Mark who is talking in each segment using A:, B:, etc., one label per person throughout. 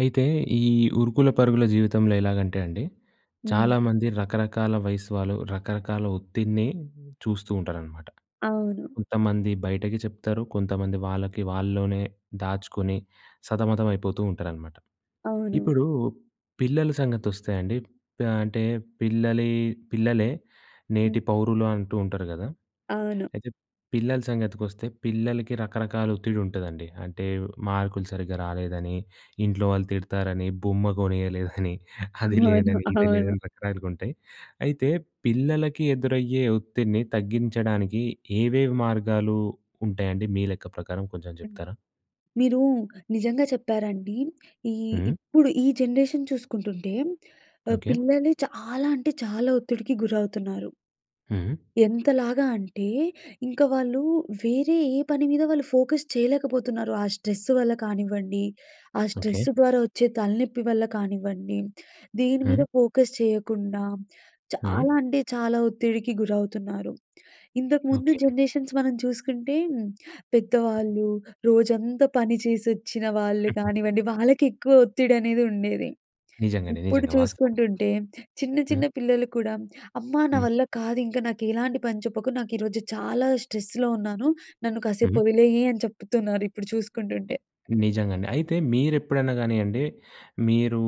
A: అయితే ఈ ఉరుకుల పరుగుల జీవితంలో ఎలాగంటే అండి,
B: హ్మ్.
A: చాలామంది రకరకాల వయసు వాళ్ళు, రకరకాల ఒత్తిడిని చూస్తూ ఉంటారనమాట.
B: అవును.
A: కొంతమంది బయటకి చెప్తారు. కొంతమంది వాళ్ళకి వాళ్ళలోనే దాచుకొని సతమతమైపోతూ ఉంటారనమాట.
B: అవును.
A: ఇప్పుడు పిల్లల సంగతొస్తే అండి ప అంటే పిల్లలే పిల్లలే నేటి
B: హుహు.
A: పౌరులు అంటూ ఉంటారు గదా!
B: అవును.
A: అయితే పిల్లల సంగతికొస్తే, పిల్లలకి రకరకాల ఒత్తిడి ఉంటాదండి. అంటే, మార్కులు సరిగ్గా రాలేదని, ఇంట్లో వాళ్ళు తిడతారని, బొమ్మ కొనీయలేదని, అది
B: అవును,
A: లేదని, ఇది
B: అవును.
A: లేదని [unintelligible] గుంటాయి. అయితే పిల్లలకి ఎదురయ్యే ఒత్తిడిని తగ్గించడానికి ఏవేవి మార్గాలు ఉంటాయండి, మీ లెక్క ప్రకారం కొంచెం జెప్తారా?
B: మీరు నిజంగా చెప్పారండి. ఈ
A: హ్మ్.
B: ఇప్పుడు ఈ జనరేషన్ చూసుకుంటుంటే ఆహ్,
A: ఓకే.
B: పిల్లలే చాలా అంటే చాలా ఒత్తిడికి గురవుతున్నారు.
A: హ్మ్.
B: ఎంతలాగా అంటే, ఇంక వాళ్ళు వేరే ఏ పని మీద వాళ్ళు ఫోకస్ చేయలేకపోతున్నారు. ఆ స్ట్రెస్ వల్ల కానివ్వండి, ఆ స్ట్రెస్
A: ఓకే.
B: ద్వారా వచ్చే తలనొప్పి వల్ల కానివ్వండి. దేని మీద
A: హ్మ్.
B: ఫోకస్ చేయకుండా,
A: హ్మ్.
B: చాలా అంటే చాలా ఒత్తిడికి గురవుతున్నారు. ఇంతకుముందు
A: ఓకే.
B: జనరేషన్స్ మనం చూసుకుంటే, పెద్దవాళ్ళు, రోజంతా పని చేసొచ్చిన వాళ్ళు కానివ్వండి, వాళ్ళకెక్కువ ఒత్తిడి అనేదుండేది.
A: నిజంగానే,
B: ఇప్పుడు
A: నిజంగా వాస్తవం.
B: చూసుకుంటుంటే చిన్న
A: హ్మ్.
B: చిన్న పిల్లలు కూడా, "అమ్మా నా
A: హ్మ్.
B: వల్ల కాదింక నాకు ఎలాంటి పని చెప్పకు, నాకు ఈరోజు చాలా స్ట్రెస్‌లో ఉన్నాను. నన్ను కాసేపు
A: హ్మ్.
B: వదిలేయి" అని చెప్తున్నారు ఇప్పుడు చూసుకుంటుంటే.
A: నిజంగండి. అయితే మీరెప్పుడన్నా గానియ్యండి, మీరు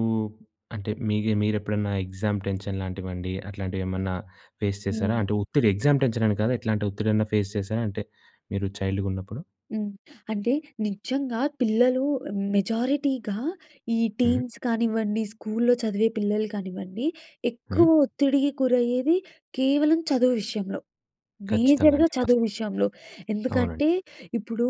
A: అంటే మీకు మీరెప్పుడన్నా ఎగ్జామ్ టెన్షన్ లాంటివండి అట్లాంటివి ఏమన్నా ఫేస్ చేసారా?
B: హ్మ్.
A: అంటే ఒత్తిడి ఎగ్జామ్ టెన్షన్ అని కాదు. ఎట్లాంటి ఒత్తిడైనా ఫేస్ చేసారా? అంటే మీరు చైల్డ్‌గా ఉన్నప్పుడు?
B: హ్మ్. అంటే నిజంగా పిల్లలు మెజారిటీగా ఈ
A: హ్మ్.
B: టీన్స్ కానివ్వండి, స్కూల్‌లో చదివే పిల్లలు కానివ్వండి, ఎక్కువ
A: హ్మ్.
B: ఒత్తిడికి గురయ్యేది కేవలం చదువు విషయంలో.
A: ఖచ్చితంగా
B: మేజర్‌గా
A: అండి.
B: చదువు
A: వాస్తవం.
B: విషయంలో.
A: అవునండి.
B: ఎందుకంటే ఇప్పుడు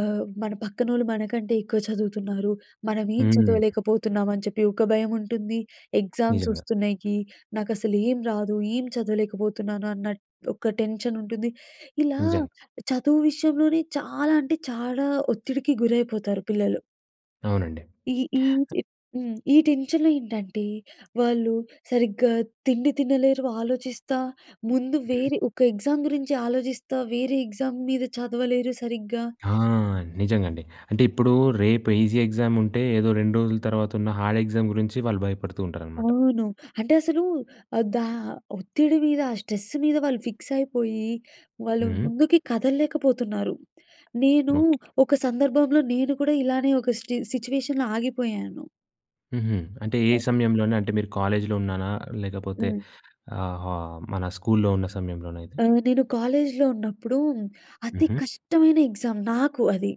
B: ఆహ్, మన పక్కనోళ్ళు మనకంటే ఎక్కువ చదువుతున్నారు. మనం ఏం
A: హ్మ్.
B: చదవలేకపోతున్నామని చెప్పి ఒక భయముంటుంది. ఎగ్జామ్స్
A: నిజంగా.
B: వస్తున్నయికి, నాకసలు ఏం రాదు, ఏం చదవలేకపోతున్నాను అన్న ఒక టెన్షన్ ఉంటుంది. ఇలా
A: నిజంగా.
B: చదువు విషయంలోనే చాలా అంటే చాలా ఒత్తిడికి గురైపోతారు పిల్లలు.
A: అవునండి.
B: ఈ ఈ హ్మ్. ఈ టెన్షన్‌లో ఏంటంటే, వాళ్ళు సరిగ్గా తిండి తినలేరు ఆలోచిస్తా. ముందు
A: ఓకే.
B: వేరే ఒక ఎగ్జామ్ గురించి ఆలోచిస్తా, వేరే ఎగ్జామ్ మీద చదవలేరు సరిగ్గా.
A: ఆ!
B: హ్మ్
A: నిజంగండి. అంటే ఇప్పుడు రేపు ఈజీ ఎగ్జామ్ ఉంటే, ఏదో 2 రోజుల తర్వాత ఉన్న హార్డ్ ఎగ్జామ్ గురించి వాళ్ళు భయపడుతూ ఉంటారనమాట.
B: అవును. అంటే అసలు ఆహ్, దా ఒత్తిడి మీద, ఆ స్ట్రెస్ మీద, వాళ్ళు ఫిక్స్ అయిపోయి, వాళ్ళు
A: హ్మ్. హ్మ్.
B: ముందుకి కదలలేకపోతున్నారు. నేను
A: ఓకే.
B: ఒక సందర్భంలో నేను కూడా ఇలానే ఒక స్టి సిట్యుయేషన్‌లో ఆగిపోయాను.
A: హుహు. అంటే, ఏ
B: ఎ
A: సమయంలోనే? అంటే మీరు కాలేజ్‌లో ఉన్నానా లేకపోతే,
B: హ్మ్.
A: ఆహ్, ఆహ్, మన స్కూల్‌లో ఉన్న సమయంలోన ఇది?
B: ఆ! నేను కాలేజ్‌లో ఉన్నప్పుడు అతి
A: హుహు.
B: కష్టమైన ఎగ్జామ్ నాకు అది.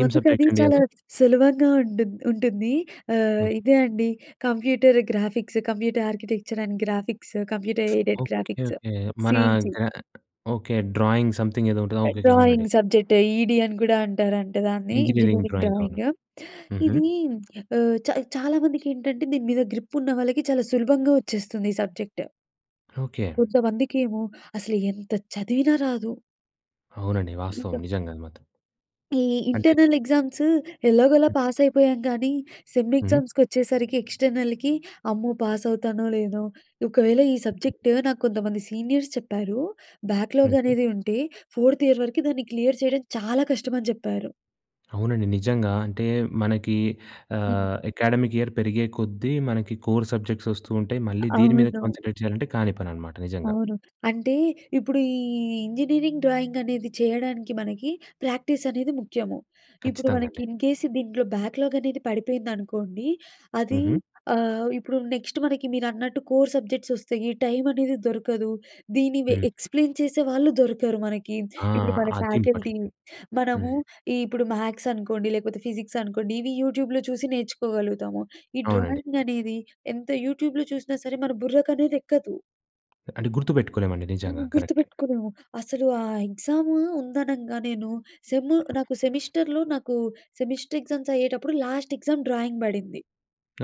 A: ఏం
B: అది
A: సబ్జెక్టండి
B: చాలా
A: అది?
B: సులభంగా ఉంటుం ఉంటుంది. ఆహ్,
A: ఓకే.
B: ఇదే అండి computer graphics, computer architecture and graphics, computer aided
A: okay.
B: Graphics,
A: okay. మన
B: సీజీ.
A: గ ఓకే. డ్రాయింగ్ సంథింగ్ ఏదో ఉంటది. ఆ! ఓకే. ఓకే. అవునండి.
B: డ్రాయింగ్ సబ్జెక్ట్, ఈడి అని గూడా అంటారంట దాన్ని.
A: ఇంజనీరింగ్
B: ఇంజినీరింగ్
A: డ్రాయింగ్ అవునా.
B: డ్రాయింగ్.
A: హుహు.
B: ఇదీ ఆహ్, చా చాలా మందికి ఏంటంటే, దీని మీద గ్రిప్ ఉన్న వాళ్ళకి చాలా సులభంగా వచ్చేస్తుంది ఈ సబ్జెక్ట్.
A: ఓకే.
B: కొంతమందికేమో అసలు ఎంత చదివినా రాదు.
A: అవునండి. వాస్తవం
B: ఇంక
A: నిజంగా అది మాత్రం.
B: ఈ
A: అంటే
B: ఇంటర్నల్ ఎగ్జామ్సు ఎలాగోలా పాస్ అయిపోయాం కానీ, సెమ్
A: హ్మ్.
B: ఎగ్జామ్స్‌కొచ్చేసరికి ఎక్స్టర్నల్‍కి అమ్మో! పాస్ అవుతానో లేనో, ఒకవేళ ఈ సబ్జెక్ట్ నాకు కొంతమంది సీనియర్స్ చెప్పారు. Backlog
A: okay.
B: అనేది ఉంటే ఫోర్త్ ఇయర్ వరకు దాన్ని క్లియర్ చేయడం చాలా కష్టమని చెప్పారు.
A: అవునండి, నిజంగా. అంటే మనకి
B: హ్మ్.
A: ఆహ్, అకాడమిక్ ఇయర్ పెరిగే కొద్దీ, మనకి కోర్ సబ్జెక్ట్స్ వస్తూ ఉంటాయి.
B: అ
A: మళ్ళీ దీని మీద
B: అవ్వదు.
A: కాన్సంట్రేట్ చేయాలంటే కాని పనన్నమాట, నిజంగా.
B: అవును. అంటే, ఇప్పుడు ఈ ఇంజనీరింగ్ డ్రాయింగ్ అనేది చేయడానికి మనకి ప్రాక్టీస్ అనేది ముఖ్యము. ఇప్పుడు
A: ఖచ్చితంగా
B: మనకి
A: అండి.
B: ఇన్ కేస్ దీంట్లో బ్యాక్‌లాగ్ అనేది పడిపోయిందనుకోండి, అది
A: హుహు.
B: ఆహ్, ఇప్పుడు నెక్స్ట్ మనకి మీరన్నట్టు కోర్ సబ్జెక్ట్స్ వస్తాయి, టైమ్ అనేది దొరకదు. దీన్ని వె
A: హ్మ్.
B: ఎక్స్‌ప్లెయిన్ చేసేవాళ్ళు దొరకరు మనకి.
A: ఆ!
B: ఇప్పుడు మన
A: అది
B: ఫ్యాకల్టీ,
A: ఇంపార్టెంటండి.
B: మనము,
A: హ్మ్.
B: ఇప్పుడు మ్యాథ్స్ అనుకోండి లేకపోతే ఫిజిక్స్ అనుకోండి, ఇవి యూట్యూబ్‍లో చూసి నేర్చుకోగలుగుతాము. ఈ
A: అవునండి.
B: డ్రాయింగ్ అనేది ఎంత యూట్యూబ్‍లో చూసినా సరే మన బుర్రకనేదెక్కదు.
A: అంటే, గుర్తుపెట్టుకోలేమండి
B: హ్మ్.
A: నిజంగా. కరెక్టే.
B: గుర్తుపెట్టుకోలేము. అసలు ఆ ఎగ్జాము ఉందనంగా నేను సెమ్ నాకు సెమిస్టర్‌లో నాకు, సెమిస్టర్ ఎగ్జామ్స్ అయ్యేటప్పుడు లాస్ట్ ఎగ్జామ్ డ్రాయింగ్ పడింది.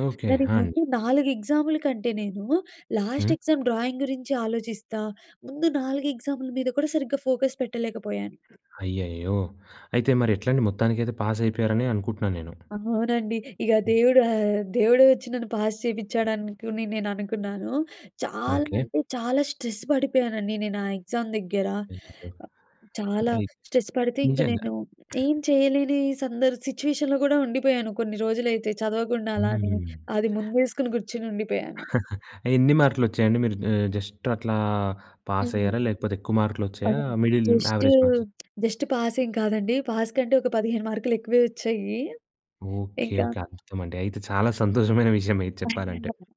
A: ఓకే.
B: దానికి
A: ఆంజ్
B: ముందు 4 ఎగ్జామ్‌ల కంటే నేను,
A: హ్మ్.
B: లాస్ట్ ఎగ్జామ్ డ్రాయింగ్ గురించి ఆలోచిస్తా, ముందు 4 ఎగ్జామ్‌ల మీద కూడా సరిగ్గా ఫోకస్ పెట్టలేకపోయాను.
A: అయ్యయ్యో! అయితే మరి ఎట్లండి? మొత్తానికైతే పాస్ అయిపోయారనే అనుకుంటున్నా నేను.
B: అమో! అవునండి. ఇగ
A: హ్మ్.
B: దేవుడు ఆహ్, దేవుడు వచ్చి నన్ను పాస్ చేపించాడనుకుని నేననుకున్నాను. చాలా
A: ఓకే.
B: అంటే చాలా స్ట్రెస్ పడిపోయానండి, నేను ఆ ఎగ్జామ్ దగ్గర.
A: అయ్యయ్యో!
B: చాలా
A: అయ్
B: స్ట్రెస్ పడితే ఇంక
A: నిజంగా.
B: నేను ఏం చేయలేని సందర్ సిచ్యుయేషన్‌లో కూడా ఉండిపోయాను కొన్ని రోజులైతే చదవకుండా అలానే.
A: హ్మ్.
B: అది ముందేసుకొని కూర్చొని ఉండిపోయాను.
A: ఎన్ని మార్కులు వచ్చాయండి? మీరు ఆహ్, జస్ట్ అట్లా, పాస్
B: హ్మ్.
A: అయ్యారా? లేకపోతే ఎక్కువ మార్కులు
B: పద
A: వచ్చాయా? Middle
B: just
A: average marks?
B: Just pass ఏం కాదండి. పాస్ కంటే, ఒక 15 మార్కులు ఎక్కువే వచ్చాయి.
A: ఓకే.
B: ఇంకా
A: ఓకే. అద్భుతమండి! అయితే, చాలా సంతోషమైన విషయమే ఇది చెప్పాలంటే.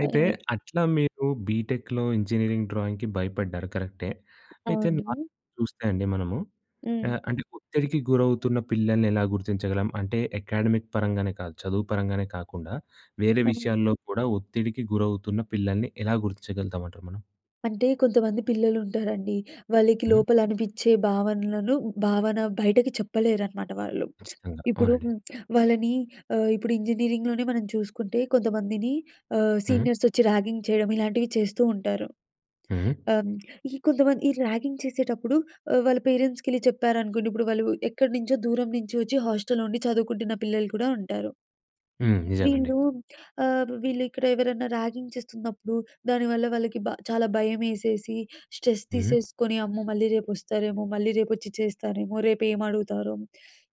A: అయితే,
B: అదే.
A: అట్లా మీరు బీటెక్‍లో ఇంజనీరింగ్ డ్రాయింగ్‌కి భయపడ్డారు, కరెక్టే. అయితే
B: అవును.
A: నార్మల్‌గా చూస్తే అండి మనము
B: హ్మ్.
A: ఆహ్, అంటే ఒత్తిడికి గురవుతున్న పిల్లల్ని ఎలా గుర్తించగలం? అంటే, అకాడమిక్ పరంగానే కాదు, చదువు పరంగానే కాకుండా వేరే
B: హ్మ్.
A: విషయాల్లో కూడా ఒత్తిడికి గురవుతున్న పిల్లల్ని ఎలా గుర్తించగలుగుతామంటారు మనం?
B: అంటే కొంతమంది పిల్లలుంటారండి. వాళ్ళకి
A: హ్మ్.
B: లోపలనిపిచ్చే భావనలను, భావన బయటకి చెప్పలేరనమాట వాళ్ళు.
A: ఖచ్చితంగా
B: ఇప్పుడు
A: అవునండి.
B: వాళ్ళని ఆహ్, ఇప్పుడు ఇంజనీరింగ్‌లోనే మనం చూసుకుంటే కొంతమందిని ఆహ్,
A: హ్మ్.
B: సీనియర్సొచ్చి ర్యాగింగ్ చేయడం, ఇలాంటివి చేస్తూ ఉంటారు.
A: హ్మ్.
B: అహ్, హ్మ్. ఈ కొంతమంది ఈ ర్యాగింగ్ చేసేటప్పుడు అహ్, వాళ్ళ పేరెంట్స్‌కెళ్ళి చెప్పారనుకోండి. ఇప్పుడు వాళ్ళు ఎక్కడి నుంచో దూరం నుంచి వచ్చి హాస్టల్‌లో ఉండి చదువుకుంటున్న పిల్లలు కూడా ఉంటారు.
A: హ్మ్. నిజంగా అండి.
B: వీళ్ళూ ఆహ్, వీళ్ళిక్కడ ఎవరన్నా ర్యాగింగ్ చేస్తున్నప్పుడు, దానివల్ల వాళ్ళకి బ చాలా భయమేసేసి స్ట్రెస్
A: హ్మ్.
B: తీసేసుకొని అమ్మో! మళ్ళీ రేపొస్తారేమో? మళ్ళీ రేపొచ్చి చేస్తారేమో? రేపేమి అడుగుతారో?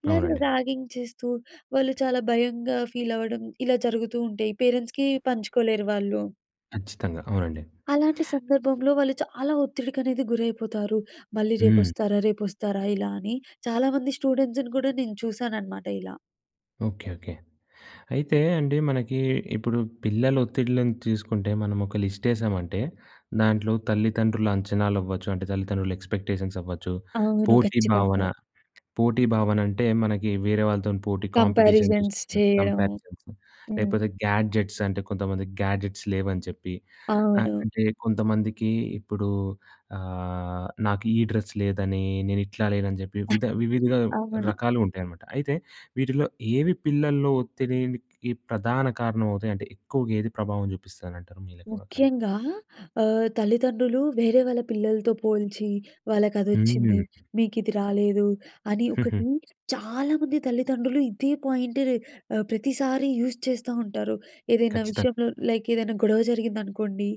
B: ఇలాంటి
A: అవునండి.
B: ర్యాగింగ్ చేస్తూ వాళ్ళు చాలా భయంగా ఫీలవ్వడం ఇలా జరుగుతూ ఉం‌టే పేరెంట్స్‌కి పంచుకోలేరు వాళ్ళు.
A: ఖచ్చితంగా. అవునండి.
B: అలాంటి సందర్భంలో వాళ్ళు చాలా ఒత్తిడికనేది గురైపోతారు. మళ్ళీ
A: హ్మ్.
B: రేపొస్తారా? రేపొస్తారా? ఇలా అని. చాలామంది స్టూడెంట్స్‌ని కూడా నేను చూశాననమాట ఇలా.
A: ఓకే. ఓకే. అయితే అండి మనకి ఇప్పుడు పిల్లల ఒత్తిడ్లని తీసుకుంటే మనమొక లిస్టేసామంటే, దాంట్లో తల్లిదండ్రుల అంచనాలవ్వచ్చు అంటే తల్లిదండ్రుల ఎక్స్‌పెక్టేషన్స్‌ అవ్వచ్చు,
B: అవును.
A: పోటీ భావన,
B: ఖచ్చితంగా.
A: పోటీ భావనంటే మనకి వేరే వాళ్ళతోని పోటీ, కాంపిటీషన్
B: కంపారిజన్స్
A: చూస్తున్నాం.
B: చేయడము
A: కంపారిజన్స్
B: హ్మ్.
A: లేపోతే గ్యాడ్జెట్స్ అంటే కొంతమంది గ్యాడ్జెట్స్ లేవని చెప్పి ఆహ్,
B: అవును.
A: అంటే కొంతమందికి ఇప్పుడు ఆహ్, నాకు ఈ డ్రెస్ లేదని, నేను ఇట్లా లేనని చెప్పి విధ వివిధ
B: అవును.
A: రకాలుంటాయనమాట. అయితే వీటిలో ఏవి పిల్లలో ఒత్తిడినికి ప్రధాన కారణమవుతాయి? అంటే ఎక్కువగా ఏది ప్రభావం జూపిస్తానంటారు మీ లెక్క ప్రకారం?
B: ముఖ్యంగా ఆహ్, తల్లిదండ్రులు వేరే వాళ్ళ పిల్లలతో పోల్చి, వాళ్ళకదొచ్చింది.
A: హ్మ్!
B: మీకు ఇది రాలేదు. అని ఒకటి చాలా మంది తల్లిదండ్రులు ఇదే పాయింట్‌ రె ఆహ్, ప్రతిసారి యూజ్ చేస్తా ఉంటారు. ఏదైనా
A: ఖచ్చితంగా.
B: విషయంలో లైక్ ఏదైనా గొడవ జరిగిందనుకోండి.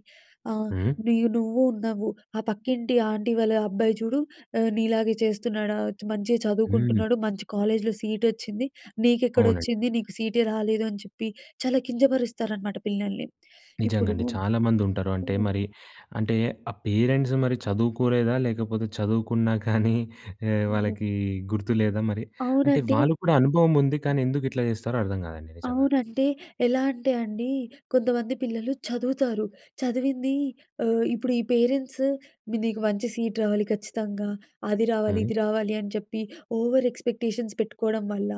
B: ఆహ్,
A: హ్మ్.
B: నూయ్ నువ్వూ ఉన్నావూ, ఆ పక్కింటి ఆంటీ వాళ్ళ అబ్బాయి చూడు, ఆహ్, నీలాగే చేస్తున్నాడా? మంచిగా
A: హ్మ్.
B: చదువుకుంటున్నాడు మంచి కాలేజ్‌‌లో సీటొచ్చింది.
A: అవునండీ.
B: నీకెక్కడొచ్చింది. నీకు సీ‌‌టే రాలేదు. అని చెప్పి చాలా కింజపరుస్తారనమాట పిల్లల్ని. ఇప్పుడు
A: నిజంగండి. చాలా మందుంటరు అంటే
B: హ్మ్.
A: మరి, అంటే ఆ పేరెంట్స్ మరి చదువుకోలేదా, లేకపోతే చదువుకున్నా కానీ ఆహ్,
B: హ్మ్.
A: వాళ్ళకి గుర్తు లేదా మరి అంటే
B: అవునండి.
A: వాళ్ళు కూడా అనుభవం ఉంది. కానీ ఎందుకు ఇట్లా జేస్తారో అర్థం కాదండి నిజంగా.
B: అవునంటే ఎలా అంటే అండీ? కొంతమంది పిల్లలు చదువుతారు. చదివింది ఆహ్, ఇప్పుడు ఈ పేరెంట్స్ మీ నీకు మంచి సీట్ రావాలి ఖచ్చితంగా. అది రావాలి,
A: హ్మ్.
B: ఇది రావాలి అని చెప్పి ఓవర్ ఎక్స్‌పెక్టేషన్స్ పెట్టుకోడం వల్ల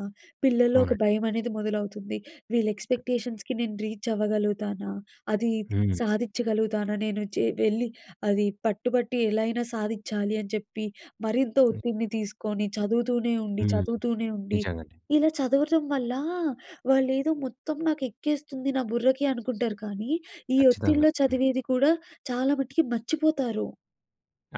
B: పిల్లలో ఒక
A: అవునండి.
B: భయమనేది మొదలవుతుంది. వీళ్ళు ఎక్స్‌పెక్టేషన్స్‌కి నేను రీచ్ అవ్వగలుగుతానా? అది, ఇది
A: హ్మ్.
B: సాధిచ్చగలుగుతానా నేను‌? చే వెళ్ళి అది పట్టుబట్టి ఎలా అయినా సాధిచ్చాలి అని చెప్పి మరింత ఒత్తిడిని తీసుకొని చదువుతూనే ఉండి,
A: హ్మ్.
B: చదువుతూనే ఉండి,
A: నిజంగండి.
B: ఇలా చదవటం వల్ల వాళ్ళేదో మొత్తం నాకు ఎక్కేస్తుంది నా బుర్రకి అనుకుంటారు. కానీ ఈ
A: ఖచ్చితంగా.
B: ఒత్తిడిలో
A: హ్మ్.
B: చదివేది కూడా చాలా మటికి మర్చిపోతారు.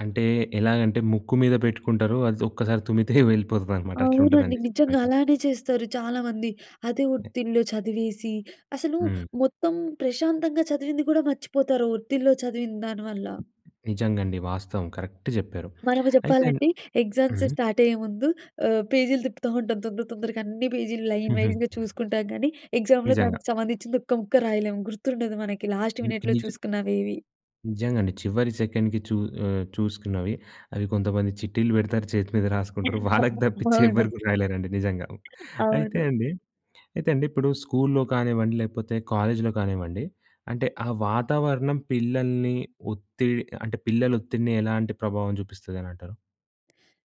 A: అంటే, ఎలాగంటే ముక్కు మీద పెట్టుకుంటారు. అది ఒక్కసారి తుమ్మితే వెళ్ళిపోతదనమాట.
B: అవునండి.
A: అట్లుంటుదండి
B: నిజంగా
A: చెప్పినట్టు.
B: అలానే చేస్తారు చాలామంది. అదే ఒత్తిడిలో చదివేసి, అసలు
A: హ్మ్.
B: మొత్తం ప్రశాంతంగా చదివింది కూడా మర్చిపోతారు ఒత్తిడిలో చదివినదాని వల్ల.
A: నిజంగండి వాస్తవం కరెక్ట్ జెప్పారు.
B: మనము
A: అయితే
B: చెప్పాలంటే ఎగ్జామ్స్
A: హ్మ్.
B: స్టార్ట్ అయ్యే ముందు ఆహ్, పేజీలు తిప్పుతా ఉంటాం. తొందర, తొందరగా అన్నీ పేజీలు లైన్
A: హుహు.
B: వైస్‌గా చూసుకుంటాం గానీ, ఎగ్జామ్‌లో
A: నిజంగా.
B: దానికి సంబంధించింది ఒక్క ముక్క రాయలేము గుర్తుండదు మనకి లాస్ట్
A: హ్మ్.
B: మినిట్‌లో
A: నిజ
B: ఏవి.
A: నిజంగండి. చివరి సెకండ్‌కి చూ ఆహ్, చూసుకున్నవి అవి కొంతమంది చిట్టీలు పెడతారు, చేతి మీద రాసుకుంటారు. వాళ్ళకి తప్పిచ్చి ఎవరు
B: అవును.
A: గూడా రాయలేరండి. నిజంగా అయితే
B: అవును.
A: అండి అయితే అండి ఇప్పుడు స్కూల్‌లో కానివ్వండి, లేకపోతే కాలేజ్‌లో గానివ్వండి అంటే ఆ వాతావరణం పిల్లల్ని ఒత్తిడ్ అంటే, పిల్లల ఒత్తిడిని ఎలాంటి ప్రభావం చూపిస్తది అనంటారు.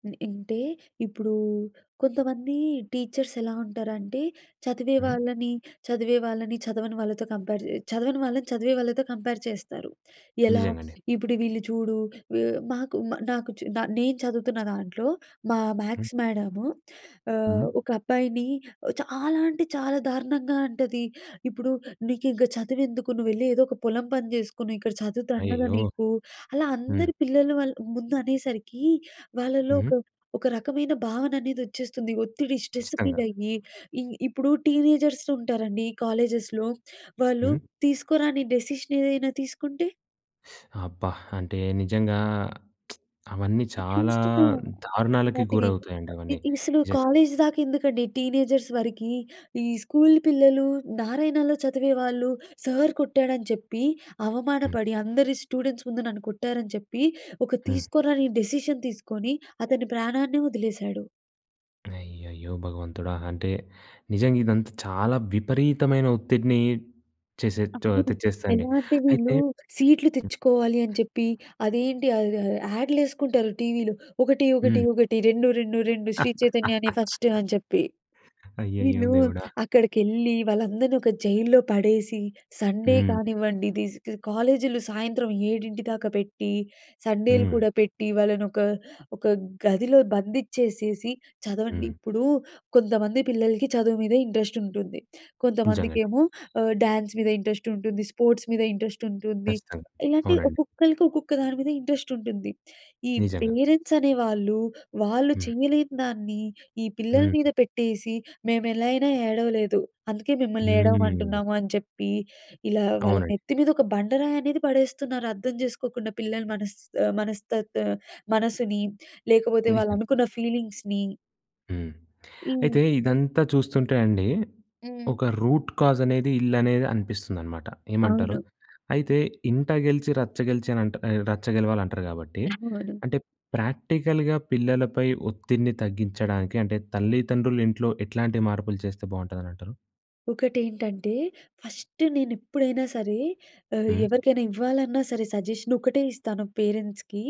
B: హ్మ్. అంటే ఇప్పుడు కొంతమంది టీచర్స్ ఎలా ఉంటారంటే, చదివే
A: హ్మ్.
B: వాళ్ళని చదివే వాళ్ళని, చదవని వాళ్ళతో కంపేర్ చే చదవని వాళ్ళని చదివే వాళ్ళతో కంపేర్ చేస్తారు. ఎలా?
A: నిజంగండి.
B: ఇప్పుడు వీళ్ళు చూడు ఎ మాకు మ నాకు చు నా నేను చదువుతున్న దాంట్లో, మా
A: హ్మ్.
B: మ్యాథ్స్ మ్యాడము
A: హ్మ్.
B: ఆహ్, ఒక అబ్బాయిని చాలా అంటే చాలా దారుణంగా అంటది. ఇప్పుడు నీకింక చదువెందుకు నువ్వెళ్ళి ఏదో ఒక పొలం పని చేసుకుని ఇక్కడ చదువు దండగా
A: అయ్యయ్యో!
B: నీకు. అలా
A: హ్మ్.
B: అందరి పిల్లలు వాళ్ళ ముందు అనేసరికి వాళ్ళలో ఒక
A: హ్మ్.
B: ఒక రకమైన భావన అనేది వచ్చేస్తుంది. ఒత్తిడి స్ట్రెస్ ఫీల్
A: ఖచ్చితంగా.
B: అయ్యి, ఇ ఇప్పుడు టీనేజర్స్ ఉంటారండి కాలేజెస్‍లో వాళ్ళు
A: హ్మ్.
B: తీసుకోరాని డెసిషన్ ఏదైనా తీసుకుంటే.
A: అబ్బా! అంటే నిజంగా, అవన్నీ చాలా
B: చూస్తున్నాం
A: దారుణాలకి
B: ఇలాంటివి.
A: గురవుతాయండి అవ్వని
B: అసలు
A: నిజంగా.
B: కాలేజ్ దాకా ఎందుకండి, టీనేజర్స్ వరకి, ఈ స్కూల్ పిల్లలు, నారాయణలో చదివేవాళ్ళు సార్ కొట్టాడని చెప్పి,
A: హ్మ్.
B: అవమానపడి, అందరి స్టూడెంట్స్ ముందు నన్ను కొట్టారని చెప్పి, ఒక
A: హ్మ్.
B: తీసుకోరాని డెసిషన్ తీసుకొని అతని ప్రాణాన్నే వదిలేశాడు.
A: అయ్యయ్యో! భగవంతుడా! అంటే, నిజంగా ఇదంతా చాలా విపరీతమైన ఒత్తిడిని చేసే
B: అవును.
A: తెచ్చేస్తది అండి.
B: ఎలా అంటే
A: అయితే
B: వీళ్ళు, సీట్‌లు తెచ్చుకోవాలి అని
A: హ్మ్.
B: చెప్పి అదేంటి ఆహ్, ఆహ్, యాడ్‌లేసుకుంటారు టీవీలో ఒకటి,
A: హ్మ్.
B: ఒకటి, ఒకటి. రెండు, రెండు, రెండు శ్రీ చైతన్యనే ఫస్టు అని చెప్పి.
A: అయ్యయ్యో!
B: వీళ్ళు
A: దేవుడా!
B: అక్కడికెళ్లి, వాళ్ళందరిని ఒక జైల్‌లో పడేసి, సండే
A: హ్మ్.
B: కానివ్వండి, ఇది స్ క కాలేజీలు సాయంత్రం 7 దాకా పెట్టి, సండేలు
A: హ్మ్.
B: కూడా పెట్టి, వాళ్ళని ఒక ఒక గదిలో బందిచ్చేసేసి, చదవండి
A: హ్మ్.
B: ఇప్పుడు కొంతమంది పిల్లలకి చదువు మీద ఇంట్రెస్ట్ ఉంటుంది.
A: నిజంగా అండి.
B: కొంతమందికేమో ఆహ్, డ్యాన్స్ మీద ఇంట్రెస్ట్ ఉంటుంది, స్పోర్ట్స్ మీద ఇంట్రెస్ట్ ఉంటుంది.
A: ఖచ్చితంగా.
B: ఇలాగే,
A: అవునండి.
B: ఒక్కొక్కళ్ళకి ఒక్కొక్క దాని మీద ఇంట్రెస్ట్ ఉంటుంది. ఈ
A: నిజంగా.
B: పేరెంట్స్ అనేవాళ్ళు, వాళ్ళు
A: హ్మ్.
B: చేయలేని దాన్ని ఈ
A: హ్మ్.
B: పిల్లల
A: హ్మ్.
B: మీద పెట్టేసి, "మేము ఎలా అయినా ఏడవలేదు, అందుకే మిమ్మల్ని
A: హ్మ్.
B: ఏడవమంటున్నాము" అని చెప్పి ఇలా వాళ్ళ
A: అవునండి.
B: నెత్తి మీద ఒక బండరాయనేది పడేస్తున్నారు అర్థం జేసుకోకుండా పిల్లలు మనస్ ఆహ్, మనస్తత్ మనస్సుని లేకపోతే వాళ్ళు
A: నిజం.
B: అనుకున్న ఫీలింగ్స్‌ని.
A: హ్మ్.
B: హ్మ్.
A: అయితే ఇదంతా చూస్తుంటే అండి,
B: హ్మ్.
A: ఒక రూట్ కాజ్ అనేది, ఇల్లనేది అనిపిస్తుందనమాట. ఏమంటారు?
B: అవును.
A: అయితే ఇంట గెలిచి రచ్చ గెలిచానంట్ ఎ రచ్చ గెలవాలి అంటారు కాబట్టి,
B: [unintelligible]
A: అంటే ప్రాక్టికల్‌గా పిల్లలపై ఒత్తిడిని తగ్గించడానికి, అంటే తల్లిదండ్రులు ఇంట్లో ఎట్లాంటి మార్పులు చేస్తే బాగుంటుందని అంటారు?
B: ఒకటేంటంటే, ఫస్ట్ నేను ఎప్పుడైనా సరే, ఆహ్,
A: హ్మ్.
B: ఎవరికైనా ఇవ్వాలన్నా సరే సజెషన్ ఒకటే ఇస్తాను పేరెంట్స్‌కి.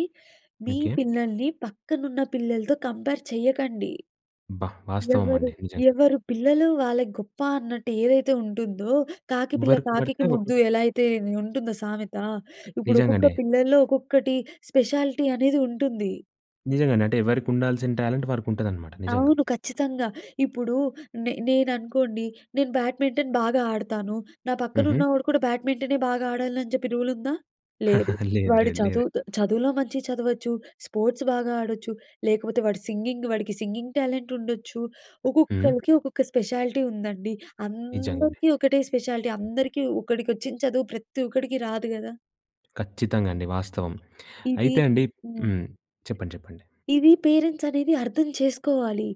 B: మీ
A: ఓకే.
B: పిల్లల్ని పక్కనున్న పిల్లలతో కంపేర్ చేయకండి.
A: అబ్బా! వాస్తవం
B: ఎవరు,
A: అండి. నిజంగా.
B: ఎవరు పిల్లలు వాళ్ళకి గొప్ప అన్నట్టు ఏదైతే ఉంటుందో, కాకి పిల్ల
A: ఎవరికి
B: కాకికి
A: ఎవరకే ఒకటి
B: ముద్దు ఎలా అయితే ఉంటుందో సామెత. ఇప్పుడు ఒక్కొక్క
A: నిజంగానే.
B: పిల్లల్లో ఒక్కొక్కటి స్పెషాలిటీ అనేది ఉంటుంది.
A: నిజంగానే. అంటే ఎవరికి ఉండాల్సిన టాలెంట్ వారికి ఉంటదనమాట. నిజంగా.
B: అవును. ఖచ్చితంగా. ఇప్పుడు నే నేననుకోండి నేను బ్యాడ్మింటన్ బాగా ఆడతాను. నా పక్కన
A: హుహు.
B: ఉన్నవాడు కూడా బ్యాడ్మింటనే బాగా ఆడాలి అని చెప్పి రూల్ ఉందా? లేదు.
A: లేదు,
B: వాడు
A: లేదు. లేదండి.
B: చదువుతొ చదువులో మంచిగా చదవచ్చు. స్పోర్ట్స్ బాగా ఆడొచ్చు. లేకపోతే వాడు సింగింగ్ వాడికి సింగింగ్ టాలెంట్ ఉండొచ్చు.
A: హ్మ్.
B: ఒక్కొక్కలకి ఒక్కొక్క స్పెషాలిటీ ఉందండి.
A: నిజంగానే.
B: అందరికీ ఒకటే స్పెషాలిటీ, అందరికీ ఒకడికి వచ్చిన చదువు ప్రతి ఒక్కడికి రాదు కదా!
A: ఖచ్చితంగా అండి వాస్తవం.
B: ఇది
A: అయితే అండి
B: హ్మ్.
A: హ్మ్. చెప్పండి చెప్పండి.
B: ఇది పేరెంట్స్ అనేది అర్థం చేసుకోవాలి.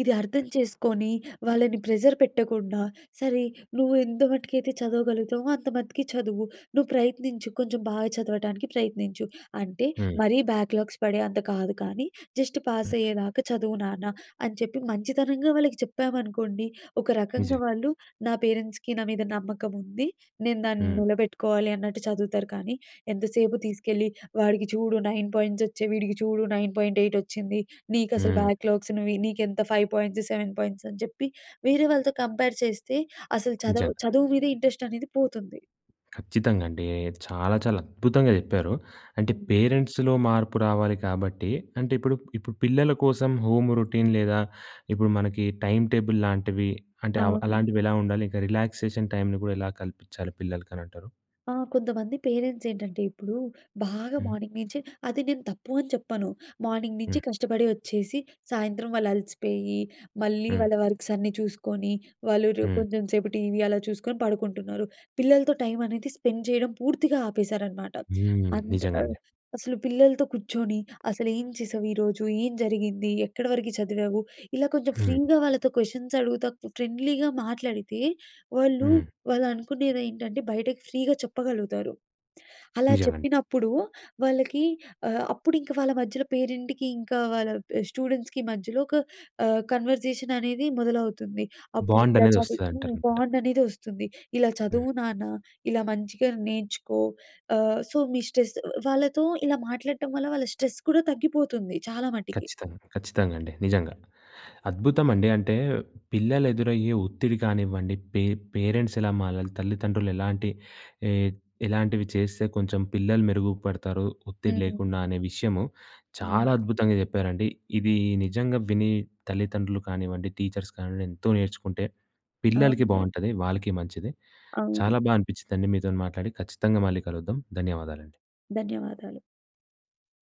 B: ఇది అర్థం చేసుకొని, వాళ్ళని ప్రెజర్ పెట్టకుండా, "సరే నువ్వు ఎంతమటుకైతే చదవగలుగుతావో అంత మట్టికి చదువు. నువ్వు ప్రయత్నించు, కొంచెం బాగా చదవటానికి ప్రయత్నించు. అంటే
A: హ్మ్.
B: మరీ బ్యాక్లాగ్స్ పడే అంత కాదు కానీ, జస్ట్ పాస్
A: హ్మ్.
B: అయ్యేదాకా చదువు నాన్న" అని చెప్పి మంచితనంగా వాళ్ళకి చెప్పామనుకోండి, ఒక రకంగా
A: నిజం.
B: వాళ్ళు నా పేరెంట్స్‌కి నా మీద నమ్మకం ఉంది. నేను దాన్ని
A: హ్మ్.
B: నిలబెట్టుకోవాలి అన్నట్టు చదువుతారు కానీ, ఎంతసేపు తీసుకెళ్ళి, "వాడికి చూడు 9 పాయింట్స్ వచ్చయి, వీడికి చూడు 9.8 వచ్చింది. నీకు అసలు
A: హ్మ్.
B: బ్యాక్లాగ్స్‌ను నీకు ఎంత 5 పాయింట్స్, 7 పాయింట్స్" అని చెప్పి వేరే వాళ్ళతో కంపేర్ చేస్తే, అసలు
A: నిజంగా.
B: చదవ చదువు మీదే ఇంట్రెస్ట్ అనేది పోతుంది.
A: ఖచ్చితంగా అండి. చాలా, చాలా అద్భుతంగా చెప్పారు. అంటే,
B: హ్మ్.
A: పేరెంట్స్‌లో మార్పు రావాలి కాబట్టి అంటే ఇప్పుడు ఇప్పుడు పిల్లల కోసం హోమ్ రొటీన్ లేదా, ఇప్పుడు మనకి టైం టేబుల్ లాంటివి, అంటే అవ్
B: అవును.
A: అలాంటివి ఎలా ఉండాలి? ఇంకా రిలాక్సేషన్ టైంని కూడా ఎలా కల్పించాలి పిల్లలకనంటారు?
B: ఆ! కొంతమంది పేరెంట్స్ ఏంటంటే, ఇప్పుడు బాగా
A: హ్మ్. హ్మ్.
B: మార్నింగ్ నుంచి అది నేను తప్పు అని చెప్పను. మార్నింగ్ నుంచి
A: హ్మ్.
B: కష్టపడి ఒచ్చేసి, సాయంత్రం వాళ్ళు అలసిపోయి, మళ్ళీ
A: హ్మ్.
B: వాళ్ళ వర్క్స్ అన్నీ చూసుకొని, వాళ్ళు రు
A: హ్మ్.
B: కొంచెం సేపు టీవీ అలా చూసుకొని పడుకుంటున్నారు. పిల్లలతో టైం అనేది స్పెండ్ చేయడం పూర్తిగా ఆపేశారన్నమాట.
A: హ్మ్.
B: అంత
A: నిజంగా
B: ఆహ్,
A: అండి.
B: అసలు పిల్లలతో కూర్చొని, అసలు ఏం చేసావు, ఈరోజు ఏం జరిగింది, ఎక్కడ వరకు చదివావు ఇలా కొంచెం
A: హ్మ్.
B: ఫ్రీగా వాళ్ళతో క్వశ్చన్స్ అడుగుతా, ఫ్రెండ్లీగా మాట్లాడితే. వాళ్ళు
A: హ్మ్.
B: వాళ్ళనుకునేది ఏంటంటే, బయటకి ఫ్రీగా చెప్పగలుగుతారు. అలా
A: నిజంగా అండి.
B: చెప్పినప్పుడు వాళ్ళకి ఆహ్, అప్పుడింక వాళ్ళ మధ్యలో పేరెంట్‌కి ఇంకా వాళ్ళ స్టూడెంట్స్‌కి మధ్యలో ఒక ఆహ్, కన్వర్జేషన్ అనేది మొదలవుతుంది. అప్పుడు
A: బాండ్
B: ఇలా
A: అనేది
B: చదువు
A: వస్తదంటారంట.
B: బాండ్ అనేది వస్తుంది. ఇలా
A: హ్మ్.
B: చదువు నాన్న, ఇలా మంచిగా నేర్చుకో. ఆహ్, సో, మీ స్ట్రెస్ వాళ్ళతో ఇలా మాట్లాడటం వల్ల వాళ్ళ స్ట్రెస్ కూడా తగ్గిపోతుంది. చాలా మటికి.
A: ఖచ్చితంగా, ఖచ్చితంగా అండి. నిజంగా. అద్భుతం అండి. అంటే, పిల్లలు ఎదురయ్యే ఒత్తిడి కానివ్వండి. పే పేరెంట్స్ ఎలా మారాలి, తల్లిదండ్రులు ఎలాంటి ఏహ్, ఎలాంటివి చేస్తే కొంచెం పిల్లలు మెరుగుపడతారు, ఒత్తిడి
B: హ్మ్.
A: లేకుండా అనే విషయము చాలా
B: హ్మ్.
A: అద్భుతంగా చెప్పారండి. ఇది నిజంగా విని తల్లిదండ్రులు కానివ్వండి, టీచర్స్ కానివ్వండి, ఎంతో నేర్చుకుంటే పిల్లలకి
B: అవును.
A: బాగుంటది. వాళ్ళకి మంచిది. చాలా
B: అవును.
A: బాగా అనిపించిందండి. మీతో మాట్లాడి ఖచ్చితంగా మళ్ళీ కలుద్దాం. ధన్యవాదాలండి.
B: ధన్యవాదాలు.